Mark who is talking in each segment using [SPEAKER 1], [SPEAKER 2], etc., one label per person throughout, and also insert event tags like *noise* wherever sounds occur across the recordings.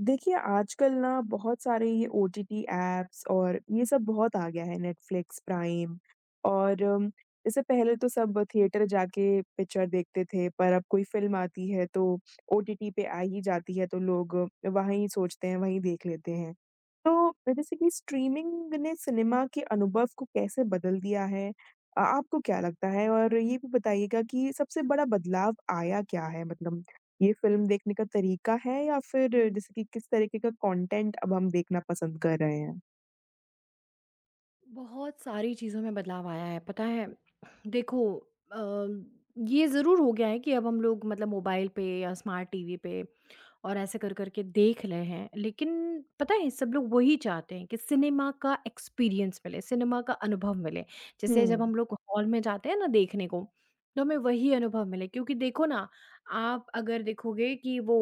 [SPEAKER 1] देखिए आजकल ना, बहुत सारे ये ओटीटी ऐप्स और ये सब बहुत आ गया है नेटफ्लिक्स, प्राइम और इससे पहले तो सब थिएटर जाके पिक्चर देखते थे, पर अब कोई फ़िल्म आती है, तो ओटीटी पे आ ही जाती है तो लोग वहीं सोचते हैं, वहीं देख लेते हैं। तो अ, जैसे कि स्ट्रीमिंग ने सिनेमा के अनुभव को कैसे बदल दिया है? अ आपको क्या लगता है और ये भी बताइएगा कि सबसे बड़ा बदलाव आया क्या है मतलब ये फ़िल्म देखने का तरीका है या फिर जैसे कि किस तरीके का कॉन्टेंट अब हम देखना पसंद कर रहे हैं?
[SPEAKER 2] बहुत सारी चीज़ों में बदलाव आया है, पता है? देखो अ, ये ज़रूर हो गया है कि अब हम लोग मतलब मोबाइल पे या स्मार्ट टीवी पे और ऐसे कर-कर के देख ले हैं। लेकिन पता है, सब लोग वो ही चाहते हैं कि सिनेमा का एक्सपीरियंस मिले, सिनेमा का अनुभव मिले। जैसे जब
[SPEAKER 1] हुँ।
[SPEAKER 2] हम लोग हॉल में जाते हैं ना देखने को, तो हमें वही अनुभव मिले क्योंकि देखो ना, आप अगर देखोगे कि वो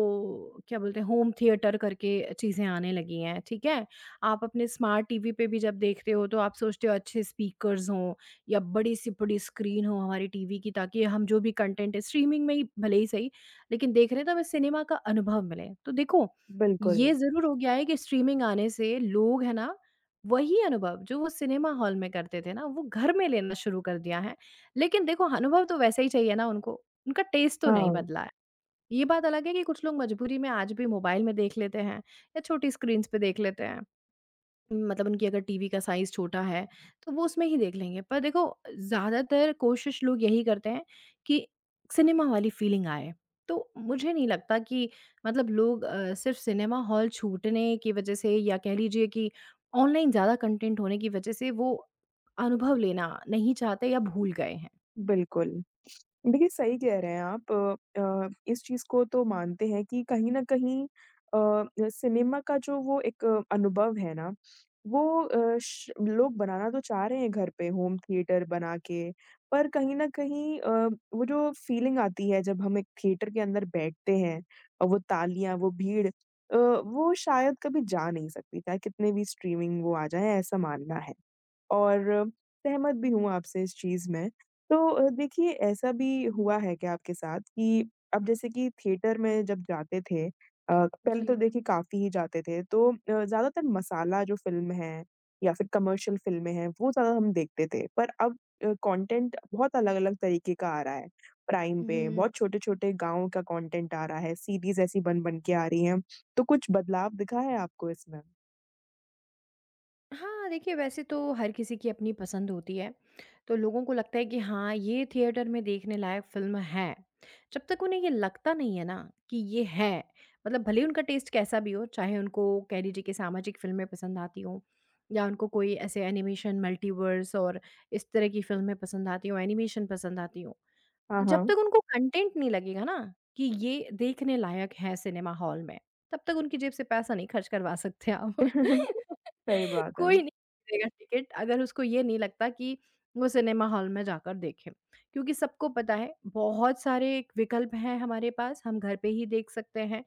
[SPEAKER 2] क्या बोलते हैं, होम थिएटर करके चीज़ें आने लगी हैं, ठीक है। आप अपने स्मार्ट टीवी पे भी जब देखते हो, तो आप सोचते हो अच्छे स्पीकर्स हों या बड़े-से-बड़ी स्क्रीन हो हमारी टीवी की, ताकि हम जो भी कंटेंट है, स्ट्रीमिंग में ही भले ही सही, लेकिन देख रहे हैं तो हमें सिनेमा का अनुभव मिले। तो देखो,
[SPEAKER 1] बिल्कुल।
[SPEAKER 2] ये ज़रूर हो गया है कि स्ट्रीमिंग आने से लोग है ना, वही अनुभव, जो वो सिनेमा हॉल में करते थे ना वो घर में लेना शुरू कर दिया है। लेकिन देखो, अनुभव तो वैसे ही चाहिए ना उनको, उनका टेस्ट तो नहीं
[SPEAKER 1] हाँ।
[SPEAKER 2] बदला है। ये बात अलग है कि कुछ लोग मजबूरी में आज भी मोबाइल में देख लेते हैं या छोटी स्क्रीन्स पे देख लेते हैं। उम, मतलब उनकी अगर टीवी का साइज़ छोटा है, तो वो उसमें ही देख लेंगे पर देखो अ, ज़्यादातर कोशिश लोग यही करते हैं कि सिनेमा वाली फीलिंग आए। तो मुझे नहीं लगता कि मतलब लोग अ, सिर्फ सिनेमा हॉल छूटने की वजह से या कह लीजिए कि ऑनलाइन ज़्यादा कंटेंट होने की वजह से, वो अनुभव लेना नहीं चाहते या भूल गए हैं।
[SPEAKER 1] बिल्कुल। देखिए, सही कह रहे हैं आप अ, इस चीज़ को तो मानते हैं कि कहीं न कहीं अ अ, सिनेमा का जो वो एक अनुभव है ना, वो अ, श लोग बनाना तो चाह रहे हैं घर पे होम थिएटर बनाके। पर कहीं न कहीं अ, वो जो फीलिंग आती है, जब हम एक थिएटर के अंदर बैठते हैं, अ, वो तालियाँ, वो भीड़ अ, वो शायद कभी जा नहीं सकती चाहे कितनी भी स्ट्रीमिंग वो आ जाएँ, ऐसा मानना है और सहमत भी हूँ आपसे इस चीज़ में। तो अ, देखिए ऐसा भी हुआ है क्या आपके साथ कि अब जैसे कि थिएटर में जब जाते थे अ, पहले तो
[SPEAKER 2] जी।
[SPEAKER 1] देखिए काफ़ी ही जाते थे, तो अ, ज़्यादातर मसाला जो फ़िल्म हैं या फिर कमर्शियल फ़िल्में हैं, वो ज़्यादा हम देखते थे। पर अब अ, कॉन्टेंट बहुत अलग-अलग तरीके का आ रहा है, प्राइम पे
[SPEAKER 2] हुँ।
[SPEAKER 1] बहुत छोटे-छोटे गाँव का कॉन्टेंट आ रहा है, सीरीज़ ऐसी बन-बन के आ रही हैं, तो कुछ बदलाव दिखा है आपको इसमें?
[SPEAKER 2] हाँ, देखिए वैसे तो हर किसी की अपनी पसंद होती है। तो लोगों को लगता है कि हाँ, ये थिएटर में देखने लायक फ़िल्म है। जब तक उन्हें यह लगता नहीं है ना? कि ये है। मतलब भले उनका टेस्ट कैसा भी हो, चाहे उनको कह लीजिए कि सामाजिक फ़िल्में पसंद आती हों या उनको कोई ऐसे एनिमेशन मल्टीवर्स और इस तरह की फ़िल्में पसंद आती हों, एनिमेशन पसंद आती हों।
[SPEAKER 1] हाँ,
[SPEAKER 2] जब
[SPEAKER 1] हाँ।
[SPEAKER 2] तक उनको कंटेन्ट नहीं लगेगा न? कि ये देखने लायक है सिनेमा हॉल में, तब तक उनकी जेब से पैसा नहीं खर्च करवा सकते आप
[SPEAKER 1] *chuckles*
[SPEAKER 2] *laughs*
[SPEAKER 1] सही बात है।
[SPEAKER 2] कोई नहीं टिकट अगर उसको ये नहीं लगता कि वो सिनेमा हॉल में जाकर देखें। क्योंकि सबको पता है बहुत सारे विकल्प हैं हमारे पास, हम घर पे ही देख सकते हैं।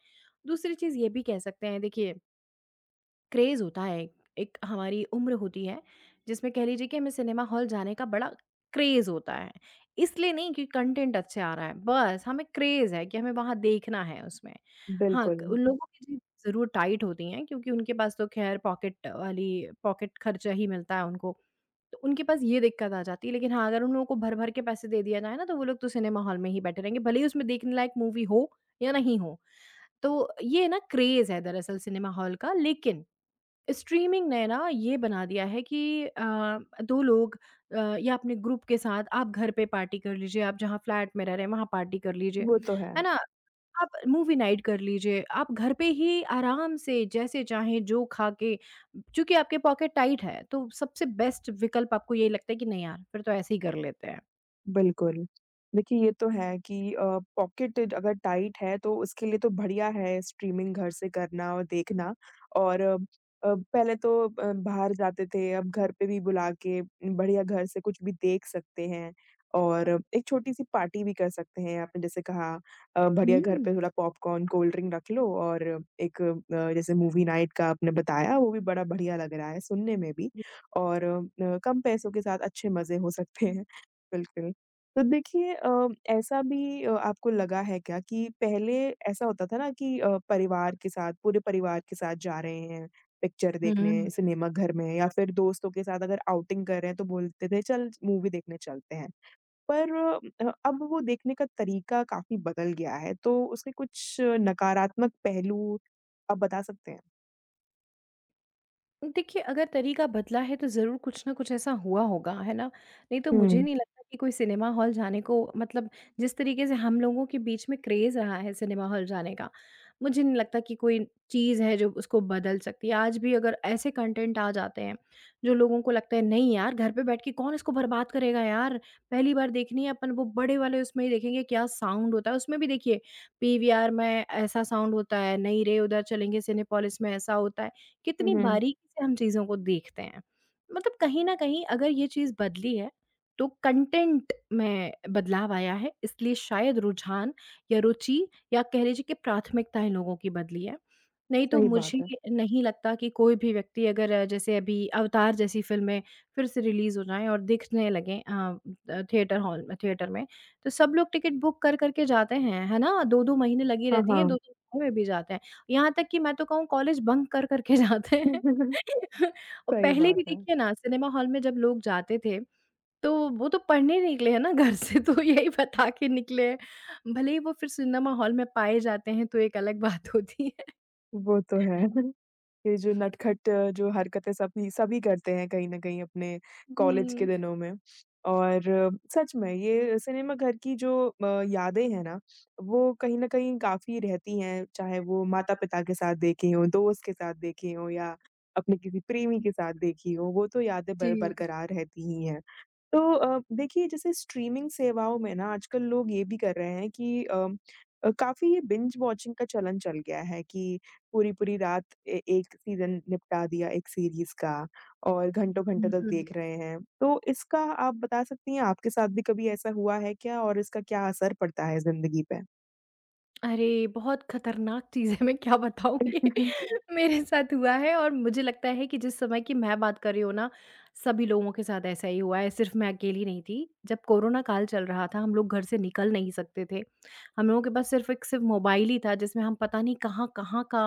[SPEAKER 2] दूसरी चीज़ ये भी कह सकते हैं, देखिए क्रेज़ होता है एक एक हमारी उम्र होती है जिसमें कह लीजिए कि हमें सिनेमा हॉल जाने का बड़ा क्रेज़ होता है। इसलिए नहीं कि कंटेन्ट अच्छा आ रहा है बस हमें क्रेज़ है कि हमें वहाँ देखना है उसमें। हाँ,
[SPEAKER 1] बिल्कुल।
[SPEAKER 2] उन लोगों की *unintelligible* ज़रूर टाइट होती हैं क्योंकि उनके पास तो ख़ैर पॉकेट वाली पॉकेट खर्चा ही मिलता है उनको। तो उनके पास ये दिक्कत आ जाती है, लेकिन हाँ अगर उन लोगों को भर-भर के पैसे दे दिया जाए न तो वो लोग तो सिनेमा हॉल में ही बैठे रहेंगे। भले ही उसमें देखने लायक मूवी हो या नहीं हो। तो ये है ना क्रेज़ है दरअसल सिनेमा हॉल का। लेकिन स्ट्रीमिंग ने ना ये बना दिया है कि अ, दो लोग अ, या अपने ग्रुप के साथ आप घर पर पार्टी कर लीजिए, आप जहाँ फ्लैट में रह रहे हैं वहाँ पार्टी कर लीजिए।
[SPEAKER 1] वो तो है।
[SPEAKER 2] है ना? आप मूवी नाइट कर लीजिए। आप घर पे ही आराम से जैसे चाहे, जो खा के क्योंकि आपके पॉकेट टाइट है तो सबसे बेस्ट विकल्प आपको ये लगता है कि नहीं यार फिर तो ऐसे ही कर लेते हैं।
[SPEAKER 1] बिल्कुल। देखिए, ये तो है कि अ, पॉकेट अगर टाइट है तो उसके लिए तो बढ़िया है स्ट्रीमिंग घर से करना और देखना और अ, पहले तो अ, बाहर जाते थे अब घर पे भी बुला के बढ़िया घर से कुछ भी देख सकते हैं और एक छोटी सी पार्टी भी कर सकते हैं आपने जैसे कहा अ, बढ़िया घर पर
[SPEAKER 2] हुँ।
[SPEAKER 1] थोड़ा पॉपकॉर्न, कोल्डड्रिंक रख लो और एक अ, जैसे मूवी नाइट का आपने बताया वो भी बड़ा बढ़िया लग रहा है सुनने में भी और अ, कम पैसों के साथ अच्छे मज़े हो सकते हैं। बिल्कुल, तो देखिए अ, ऐसा भी अ, आपको लगा है क्या कि पहले ऐसा होता था ना कि अ, परिवार के साथ, पूरे परिवार के साथ जा रहे हैं पिक्चर देखने
[SPEAKER 2] हुँ।
[SPEAKER 1] सिनेमा घर में या फिर दोस्तों के साथ अगर आउटिंग कर रहे हैं तो बोलते थे चल मूवी देखने चलते हैं, पर अ, अब वो देखने का तरीका काफ़ी बदल गया है तो उसके कुछ नकारात्मक पहलू आप बता सकते हैं?
[SPEAKER 2] देखिए, अगर तरीका बदला है तो ज़रूर कुछ ना कुछ ऐसा हुआ होगा, है ना? नहीं तो मुझे
[SPEAKER 1] हुँ।
[SPEAKER 2] नहीं लगता कि कोई सिनेमा हॉल जाने को मतलब जिस तरीके से हम लोगों के बीच में क्रेज़ रहा है सिनेमा हॉल जाने का, मुझे नहीं लगता कि कोई चीज़ है जो उसको बदल सकती है, आज भी अगर ऐसे कॉन्टेन्ट आ जाते हैं, जो लोगों को लगता है नहीं यार घर पे बैठ के कौन इसको बर्बाद करेगा यार, पहली बार देखनी है आपन वो बड़े वाले उसमें ही देखेंगे क्या साउंड होता है उसमें भी देखिए पीवीआर में ऐसा साउंड होता है, नहीं रे उधर चलेंगे सिनेपोलिस में ऐसा होता है,
[SPEAKER 1] हुँ,
[SPEAKER 2] कितनी
[SPEAKER 1] हुँ।
[SPEAKER 2] बारीकी से हम चीज़ों को देखते हैं। मतलब कहीं न कहीं अगर ये चीज़ बदली है तो कॉन्टेन्ट में बदलाव आया है इसलिए शायद रुझान या रुचि या कह लीजिए कि प्राथमिकताएँ लोगों की बदली हैं, नहीं तो
[SPEAKER 1] सही
[SPEAKER 2] मुझे
[SPEAKER 1] बात है।
[SPEAKER 2] नहीं लगता कि कोई भी व्यक्ति अगर जैसे अभी अवतार जैसी फ़िल्में, फिर से रिलीज़ हो जाए और दिखने लगे अ अ, थिएटर हॉल में, थिएटर में तो सब लोग टिकट बुक कर-कर के जाते हैं, है ना 2-2 महीने लगी
[SPEAKER 1] हाँ,
[SPEAKER 2] रहती हैं, दो
[SPEAKER 1] हाँ।
[SPEAKER 2] दो *unintelligible* में भी जाते हैं। यहाँ तक कि मैं तो कहूँ कॉलेज बंक कर-कर के जाते हैं
[SPEAKER 1] *chuckles*
[SPEAKER 2] *laughs* और
[SPEAKER 1] सही
[SPEAKER 2] पहले
[SPEAKER 1] बात
[SPEAKER 2] भी
[SPEAKER 1] है।
[SPEAKER 2] देखिए ना सिनेमा हॉल में जब लोग जाते थे, तो वो तो पढ़ने निकले हैं ना घर से, तो यही बता के निकले हैं। भले ही वो फिर सिनेमा हॉल में पाए जाते हैं तो एक अलग बात होती है।
[SPEAKER 1] वो तो है *chuckles* ये जो नटखट अ, जो हरकतें सभी सभी करते हैं कहीं न कहीं अपने कॉलेज के
[SPEAKER 2] हुँ।
[SPEAKER 1] दिनों में। और सच में ये सिनेमा घर की जो अ, यादें हैं ना वो कहीं न कहीं काफ़ी रहती हैं, चाहे वो माता-पिता के साथ देखी हों, दोस्त के साथ देखी हों या अपने किसी प्रेमी के साथ देखी हों, वो तो यादें बर
[SPEAKER 2] जी।
[SPEAKER 1] बरकरार रहती ही हैं। तो अ, देखिए जैसे स्ट्रीमिंग सेवाओं में ना आजकल लोग ये भी कर रहे हैं कि अम, अ, काफ़ी बिंज वॉचिंग का चलन चल गया है कि पूरी-पूरी रात ए एक सीज़न निपटा दिया एक सीरीज़ का और घंटों-घंटों
[SPEAKER 2] हुँ,
[SPEAKER 1] तक
[SPEAKER 2] हुँ।
[SPEAKER 1] देख रहे हैं। तो इसका आप बता सकती हैं आपके साथ भी कभी ऐसा हुआ है क्या? और इसका क्या असर पड़ता है ज़िंदगी पे?
[SPEAKER 2] अरे, बहुत खतरनाक चीज़ है, मैं क्या बताऊँ। ये
[SPEAKER 1] *chuckles*
[SPEAKER 2] मेरे साथ हुआ है और मुझे लगता है कि जिस समय की मैं बात कर रही हूँ ना, सभी लोगों के साथ ऐसा ही हुआ है। सिर्फ़ मैं अकेली नहीं थी। जब कोरोना काल चल रहा था, हम लोग घर से निकल नहीं सकते थे। हम लोगों के पास सिर्फ़ एक सिर्फ़ मोबाइल ही था, जिसमें हम पता नहीं कहाँ-कहाँ का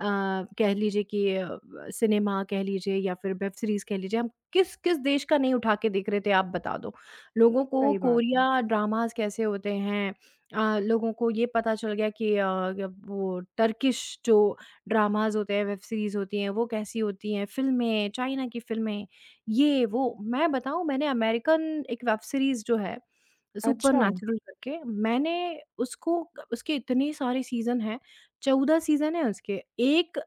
[SPEAKER 2] अ, कह लीजिए कि अ, ब सिनेमा कह लीजिए या फिर वेब सीरीज़ कह लीजिए। हम किस-किस देश का नहीं उठा के देख रहे थे, आप बता दो। लोगों को
[SPEAKER 1] सही बात है।
[SPEAKER 2] कोरिया ड्रामाज़ कैसे होते हैं। अ, लोगों को ये पता चल गया कि अ, अब वो टर्किश जो ड्रामाज़ होते हैं, वेब सीरीज़ होती हैं, वो कैसी होती हैं। फ़िल्में, चाइना की फ़िल्में, ये वो। मैं बताऊँ मैंने अमेरिकन एक वेब सीरीज़ जो है
[SPEAKER 1] अच्छा!
[SPEAKER 2] सुपरनैचुरल करके, मैंने उसको उसके इतनी सारी सीज़न हैं। 14 सीज़न हैं उसके। एक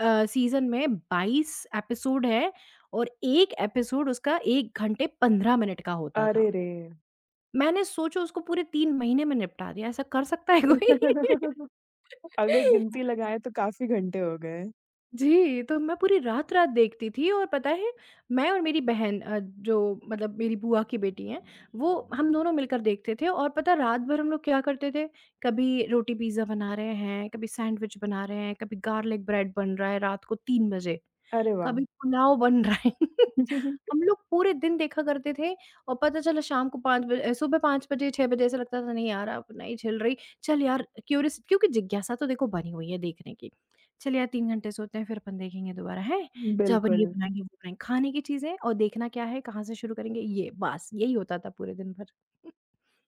[SPEAKER 2] अ, सीज़न में 22 एपिसोड है और एक एपिसोड उसका 1 घंटे 15 मिनट का होता था।
[SPEAKER 1] अरे रे!
[SPEAKER 2] मैंने सोचो उसको पूरे 3 महीने में निपटा दिया। ऐसा कर सकता है कोई?
[SPEAKER 1] *laughs* अगर
[SPEAKER 2] *laughs*
[SPEAKER 1] गिनती लगाएँ तो काफ़ी घंटे हो गए।
[SPEAKER 2] जी, तो अब मैं पूरी रात-रात देखती थी और पता है मैं और मेरी बहन अ, जो मतलब मेरी बुआ की बेटी हैं, वो हम दोनों मिलकर देखते थे और पता है रात-भर हम लोग क्या करते थे, कभी रोटी पिज्जा बना रहे हैं, कभी सेंडविच बना रहे हैं, कभी गार्लिक ब्रेड बन रहा है रात को 3 बजे,
[SPEAKER 1] अरे वाह!
[SPEAKER 2] कभी पुलाव बन रहा है। *laughs*
[SPEAKER 1] *chuckles*
[SPEAKER 2] हम लोग पूरे दिन देखा करते थे और पता चला शाम को 5 बजे सुबह 5 बजे, 6 बजे ऐसा लगता था नहीं यार, अब नहीं झेल रही, चल यार अ, क्युरीअस क्योंकि जिज्ञासा तो देखो बनी हुई है देखने की। चल यार 3 घंटे सोते हैं फिर अपन देखेंगे दोबारा, हैं? चल अपन ये
[SPEAKER 1] बिल्कुल।
[SPEAKER 2] बनाएँगे, वो बनाएँगे, खाने की चीज़ें और देखना क्या है, कहाँ से शुरू करेंगे ये बस यही होता था पूरे दिन भर।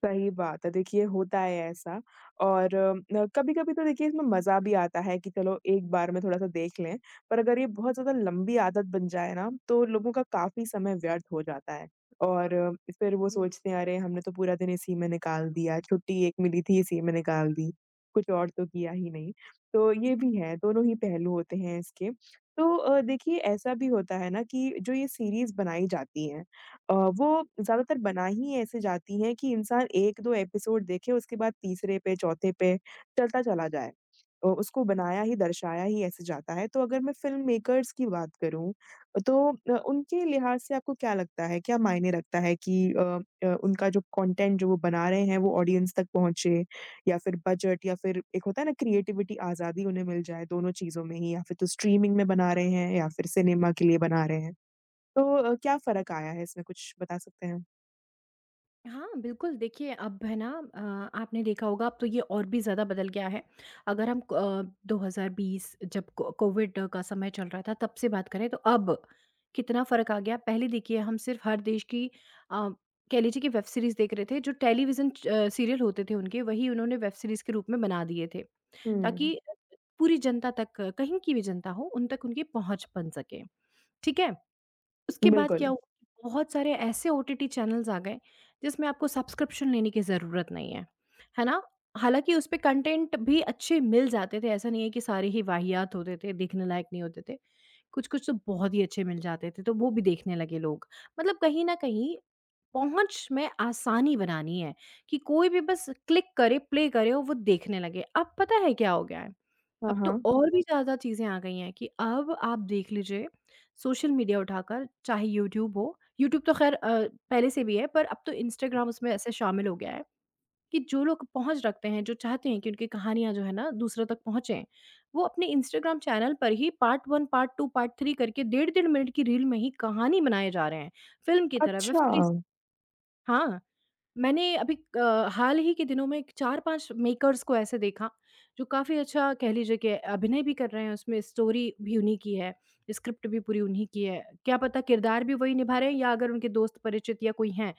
[SPEAKER 1] सही बात है, देखिए होता है ऐसा और अ, कभी-कभी तो देखिए इसमें मजा भी आता है कि चलो एक बार में थोड़ा-सा देख लें, पर अगर ये बहुत ज़्यादा लंबी आदत बन जाए ना तो लोगों का काफ़ी समय व्यर्थ हो जाता है और फिर वो
[SPEAKER 2] हुँ।
[SPEAKER 1] सोचते हैं अरे हमने तो पूरा दिन इसी में निकाल दिया, छुट्टी एक मिली थी, इसी में निकाल दी, कुछ और तो किया ही नहीं, तो ये भी है दोनों ही पहलू होते हैं इसके। तो अ, देखिए ऐसा भी होता है ना कि जो ये सिरीज़ बनाई जाती हैं अ, वो ज़्यादातर बनाई ही ऐसे जाती हैं कि इंसान 1-2 एपिसोड देखे उसके बाद तीसरे पे, चौथे पे चलता चला जाए। अ, उसको बनाया ही, दर्शाया ही ऐसे जाता है तो अगर मैं फ़िल्मेकर्स की बात करूँ अ, तो अ, उनके लिहाज से आपको क्या लगता है? क्या मायने रखता है कि अम, अ, उनका जो कंटेन्ट जो वो बना रहे हैं वो ऑडियंस तक पहुँचे या फिर बजट या फिर एक होता है ना क्रीऐटिवटी आज़ादी उन्हें मिल जाए दोनों चीज़ों में ही या फिर जो स्ट्रीमिंग में बना रहे हैं या फिर सिनेमा के लिए बना रहे हैं। तो अ, क्या फ़र्क आया है इसमें कुछ बता सकते हैं?
[SPEAKER 2] हाँ, बिल्कुल। देखिए अब है ना अ, आपने देखा होगा अब तो ये और भी ज़्यादा बदल गया है। अगर हम अ, 2020 जब को कोविड का समय चल रहा था, तब से बात करें तो अब कितना फ़र्क आ गया। पहले देखिए हम सिर्फ़ हर देश की अ, कह लीजिए कि वेब सीरीज़ देख रहे थे। जो टेलीविज़न अ, सीरियल होते थे उनके, वही उन्होंने वेब सीरीज़ के रूप में बना दिए थे
[SPEAKER 1] हुँ।
[SPEAKER 2] ताकि पूरी जनता तक, कहीं की भी जनता हो, उन तक उनकी पहुँच बन सके, ठीक है। उसके बाद क्या
[SPEAKER 1] बिल्कुल।
[SPEAKER 2] हुआ? बहुत सारे ऐसे ओटीटी चैनल्स आ गए जिसमें आपको सब्सक्रिप्शन लेने की ज़रूरत नहीं है। है ना? हालाँकि उसपे कॉन्टेंट भी अच्छे मिल जाते थे। ऐसा नहीं है कि सारे ही वाहियात होते थे, देखने लायक नहीं होते थे, कुछ-कुछ तो बहुत ही अच्छे मिल जाते थे, तो वो भी देखने लगे लोग। मतलब कहीं न कहीं पहुँच में आसानी बनानी है कि कोई भी बस क्लिक करे, प्ले करे और वो देखने लगे। अब पता है क्या हो गया है?
[SPEAKER 1] हाँ,
[SPEAKER 2] अब तो
[SPEAKER 1] हाँ।
[SPEAKER 2] और भी ज़्यादा चीज़ें आ गई हैं कि अब आप देख लीजिए सोशल मीडिया उठाकर चाहे यूट्यूब हो। यूट्यूब तो खैर अ, पहले से भी है पर अब तो इंस्टाग्राम उसमें ऐसे शामिल हो गया है कि जो लोग पहुँच रखते हैं, जो चाहते हैं कि उनकी कहानियाँ जो है ना दूसरों तक पहुँचे, वो अपने इंस्टाग्राम चैनल पर ही पार्ट 1, पार्ट 2, पार्ट 3 करके डेढ़-डेढ़ मिनट की रील में ही कहानी बनाए जा रहे हैं। फ़िल्म की तरह वेब सीरीज़
[SPEAKER 1] अच्छा।
[SPEAKER 2] हाँ, मैंने अभी अ, हाल ही के दिनों में 4-5 मेकर्स को ऐसे देखा जो काफ़ी अच्छा कह लीजिए कि अभिनय भी कर रहे हैं, उसमें स्टोरी भी उन्हीं की है, स्क्रिप्ट भी पूरी उन्हीं की है। क्या पता किरदार भी वही निभा रहे हैं या अगर उनके दोस्त परिचित या कोई हैं।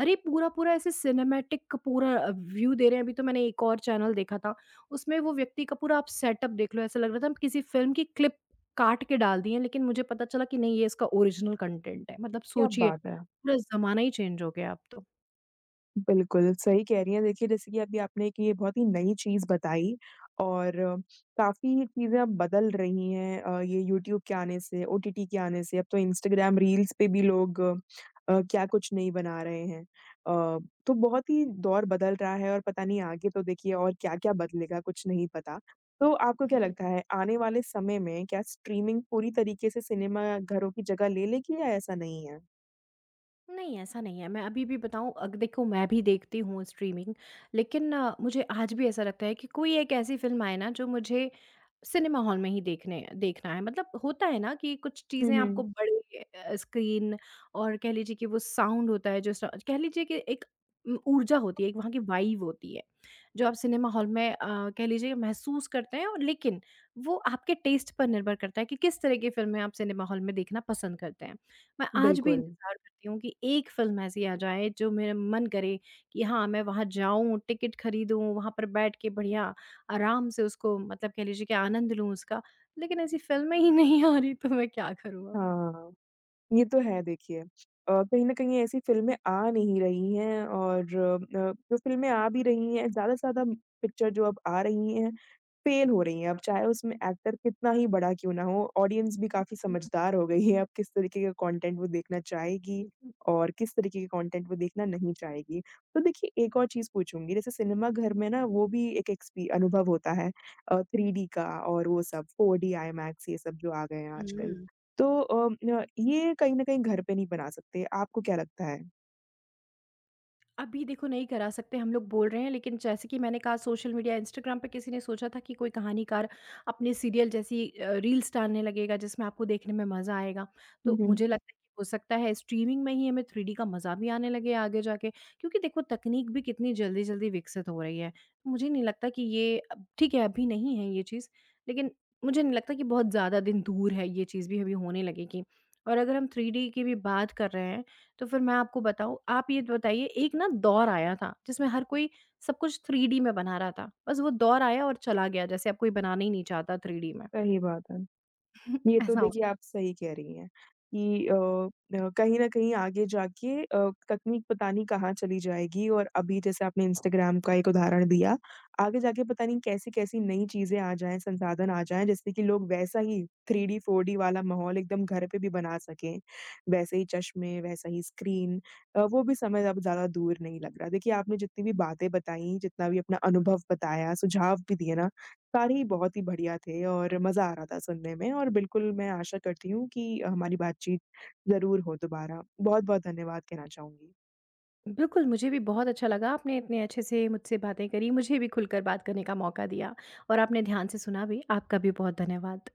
[SPEAKER 2] अरे! पूरा-पूरा ऐसे सिनेमैटिक पूरा अ, व्यू दे रहे हैं। अभी तो मैंने एक और चैनल देखा था, उसमें वो व्यक्ति का पूरा आप सेटअप देख लो। ऐसा लग रहा था हम किसी फ़िल्म की क्लिप काट के डाल दी है लेकिन मुझे पता चला कि नहीं ये इसका ओरिजिनल कॉन्टेंट है। मतलब
[SPEAKER 1] क्या
[SPEAKER 2] सोचिए
[SPEAKER 1] बात है।
[SPEAKER 2] पूरा ज़माना ही चेंज़ हो गया अब तो।
[SPEAKER 1] बिल्कुल, सही कह रही हैं देखिए, जैसे कि अभी आपने एक ये बहुत ही नई चीज़ बताई और काफ़ी चीज़ें अब बदल रही हैं अ, ये यूट्यूब के आने से, ओटीटी के आने से अब तो इंस्टाग्राम रील्स पे भी लोग अ, क्या कुछ नहीं बना रहे हैं। अ, तो बहुत ही दौर बदल रहा है और पता नहीं आगे तो देखिए और क्या-क्या बदलेगा, कुछ नहीं पता। तो आपको क्या
[SPEAKER 2] हुँ।
[SPEAKER 1] लगता है, आने वाले समय में, क्या स्ट्रीमिंग पूरी तरीके से सिनेमा घरों की जगह ले लेगी या ऐसा नहीं है?
[SPEAKER 2] नहीं, ऐसा नहीं है मैं अभी भी बताऊँ, अग देखो मैं भी स्ट्रीमिंग लेकिन मुझे आज भी ऐसा लगता है कि कोई एक ऐसी फिल्म आए ना जो मुझे सिनेमा हॉल में ही देखने देखना है। मतलब होता है ना कि कुछ
[SPEAKER 1] हुँ,
[SPEAKER 2] चीज़ें
[SPEAKER 1] हुँ।
[SPEAKER 2] आपको बड़े अ, स्क्रीन और कह लीजिए कि वो साउंड होता है जैसा कह लीजिए कि एक उ ऊर्जा होती है, एक वहाँ की वाइब होती है, जो आप सिनेमा हॉल में अ, कह लीजिए महसूस करते हैं लेकिन, वो आपके टेस्ट पर निर्भर करता है कि किस तरह की फिल्में आप सिनेमा हॉल में देखना पसंद करते हैं। मैं आज भी
[SPEAKER 1] बिल्कुल।
[SPEAKER 2] इंतज़ार करती हूँ कि एक फिल्म ऐसी आ जाए, जो मेरा मन करे कि हाँ, मैं वहाँ जाऊँ, टिकट खरीदूँ, वहाँ पर बैठ के बढ़िया, आराम से उसको मतलब कह लीजिए कि आनंद लूँ उसका। लेकिन ऐसी फिल्में ही नहीं आ रही, तो मैं क्या करूँ अब?
[SPEAKER 1] हाँ, ये तो है देखिए। अ, कहीं न कहीं ऐसी फिल्में आ नहीं रही और अ, जो फिल्में आ भी रही हैं, ज्यादा से ज्यादा पिक्चर जो अब आ रही हैं, फेल हो रही हैं अब चाहे उसमें एक्टर कितना ही बड़ा क्यों ना हो, ऑडियंस भी काफ़ी समझदार हो गई है। अब किस तरीके के कंटेंट वो देखना चाहेगी
[SPEAKER 2] *unintelligible*
[SPEAKER 1] और किस तरीके के कंटेंट को देखना नहीं चाहेगी। तो देखिए, एक और चीज़ पूछूँगी जैसे सिनेमा घर में ना, वो भी एक एक्सपी अनुभव होता है अ, थ्रीडी का और वो सब फोरडी, आईंमैक्स ये सब जो आ गए हैं आजकल।
[SPEAKER 2] हुँ।
[SPEAKER 1] तो अम, अ, ये कहीं न कहीं घर पर नहीं बना सकते, आपको क्या लगता है?
[SPEAKER 2] अभी देखो नहीं करा सकते, हम लोग बोल रहे हैं लेकिन जैसे कि मैंने कहा सोशल मीडिया, इंस्टाग्राम पे किसी ने सोचा था कि कोई कहानीकार अपने अ, सीरियल जैसी रील्स डालने लगेगा जिसमें आपको देखने में मज़ा आएगा।
[SPEAKER 1] हुँ,
[SPEAKER 2] तो
[SPEAKER 1] हुँ।
[SPEAKER 2] मुझे लगता है कि हो सकता है स्ट्रीमिंग में ही हमें थ्रीडी का मज़ा भी आने लगे आगे जाके क्योंकि देखो तकनीक भी कितनी जल्दी-जल्दी विकसित हो रही है। मुझे नहीं लगता कि ये अब ठीक है, अभी नहीं है यह चीज़ लेकिन मुझे नहीं लगता कि बहुत ज़्यादा दिन दूर है ये चीज़ भी अभी होने लगेगी। और अगर हम थ्रीडी की भी बात कर रहे हैं तो फिर मैं आपको बताऊँ, आप ये बताइए एक ना दौर आया था जिसमें हर कोई सब कुछ थ्रीडी में बना रहा था। बस वो दौर आया और चला गया जैसे अब कोई बनाना ही नहीं चाहता थ्रीडी में।
[SPEAKER 1] सही बात है।
[SPEAKER 2] *chuckles*
[SPEAKER 1] ये तो
[SPEAKER 2] ऐसा हु
[SPEAKER 1] देखिए आप सही कह रही हैं कि अ अ, कहीं न कहीं आगे जाके अ, तकनीक पता नहीं कहाँ चली जाएगी और अभी जैसे आपने इंस्टाग्राम का एक उदाहरण दिया। आगे जाके पता नहीं कैसी-कैसी नई चीज़ें आ जाएँ, संसाधन आ जाएँ, जिससे कि लोग वैसा ही थ्रीडी, फोरडी वाला माहौल एकदम घर पे भी बना सकें। वैसे ही चश्मे, वैसा ही स्क्रीन, अ, वो भी समय अब ज़्यादा दूर नहीं लग रहा। देखिए आपने जितनी भी बातें बताई, जितना भी अपना अनुभव बताया, सुझाव भी दिए ना, सारे ही बहुत ही बढ़िया थे और मज़ा आ रहा था सुनने में, और बिल्कुल मैं आशा करती हूँ कि अ, हमारी बातचीत ज़रूर हो दोबारा। बहुत-बहुत धन्यवाद कहना चाहूँगी।
[SPEAKER 2] बिल्कुल, मुझे भी बहुत अच्छा लगा, आपने इतने अच्छे से मुझसे बातें करी। मुझे भी खुलकर बात करने का मौका दिया और आपने ध्यान से सुना भी। आपका भी बहुत धन्यवाद।